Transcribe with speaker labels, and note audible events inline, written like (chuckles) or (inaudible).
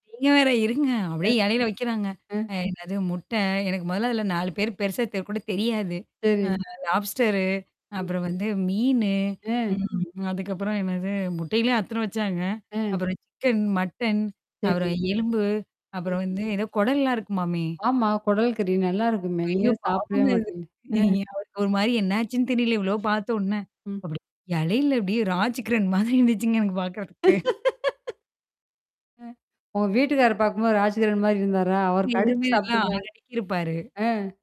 Speaker 1: நீங்க வேற இருங்க.
Speaker 2: அ,
Speaker 1: அப்படியே எலைல வைக்கிறாங்க.
Speaker 2: அ.
Speaker 1: அ என்னது? அது முட்டை எனக்கு மொதல்ல அதுல 4 பேரு பெருசா தெ கூடத் தெரியாது. அ
Speaker 2: சரி.
Speaker 1: அந்த லாப்ஸ்டரு
Speaker 2: சரி,
Speaker 1: அப்புறம் வந்து மீனு.
Speaker 2: ஆ!
Speaker 1: ம்! அதுக்கப்புறம் என்னாது? முட்டைல அத்தன வச்சாங்க.
Speaker 2: ஆ,
Speaker 1: அப்புறம் சிக்கன், மட்டன், அப்புறம்
Speaker 2: சரி.
Speaker 1: எலும்பு
Speaker 2: சரி,
Speaker 1: அப்புறம் வந்து என்னா? குடல்லாம் இருக்குமாமே!
Speaker 2: ஆமா குடல் கறி. நல்லா இருக்குமே! நீங்க
Speaker 1: ஐயோ
Speaker 2: தான் சாப்பிடவே
Speaker 1: பாவங்க இது.
Speaker 2: மாட்டேங்க. ம்.
Speaker 1: (chuckles) அவருக்கு ஒரு மாரி என்னாச்சுன்னு தெரியல! இவ்ளோ பாத்தவோன்னே.
Speaker 2: ம்.
Speaker 1: அப்படி எலையில அப்டியே ராஜ்கிரண் மாதிரி இருந்துச்சுங்க எனக்குப் பாக்குறதுக்கு.
Speaker 2: (laughs) அ ஒங்க வீட்டுக்காரர பாக்கும்போது, ராஜ்கிரன் மாதிரி இருந்தாரா? அவர்
Speaker 1: நீங்க
Speaker 2: கடிச்சு
Speaker 1: விரும்பிவீங்களா?
Speaker 2: சாப்பிட்டுருந்தார்
Speaker 1: அரக்கிருப்பாரு.
Speaker 2: ஆ.